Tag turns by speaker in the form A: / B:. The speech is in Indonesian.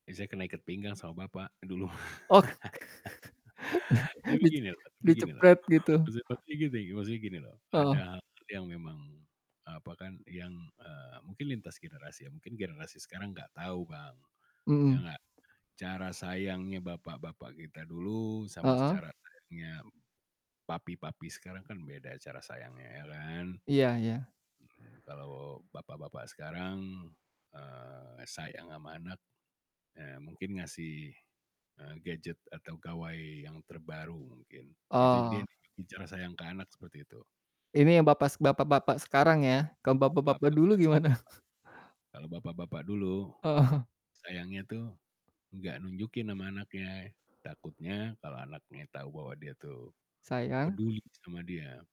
A: Ya saya kena ikat pinggang sama bapak, dulu.
B: Oh.
A: Tapi
B: dicek
A: gini loh tapi begini loh,
B: dicepret gitu.
A: penyebabnya gini, maksudnya gini loh, ada
B: Heeh.
A: hal-hal yang memang, apa kan, yang, eee, mungkin lintas generasi ya, mungkin generasi sekarang nggak tahu, Bang, ya
B: Mhm.
A: nggak, cara sayangnya bapak-bapak kita dulu sama
B: Heeh.
A: cara sayangnya papi-papi sekarang kan beda cara sayangnya, ya kan.
B: Iya iya.
A: Mhm, kalau bapak-bapak sekarang, eee, sayang sama anak, eee, mungkin ngasih, eee, gadget atau gawai yang terbaru mungkin, itu dia
B: Oh.
A: juga bicara sayang ke anak seperti itu.
B: Ini bapas bapak-bapak sekarang ya, kalau bapak-bapak dulu
A: Bapak-bapak sekarang
B: gimana?
A: kan, kalau bapak-bapak dulu,
B: Heeh.
A: sayangnya tuh nggak nunjukin sama anaknya, takutnya kalau anaknya tahu bahwa dia tuh
B: Sayang.
A: peduli sama dia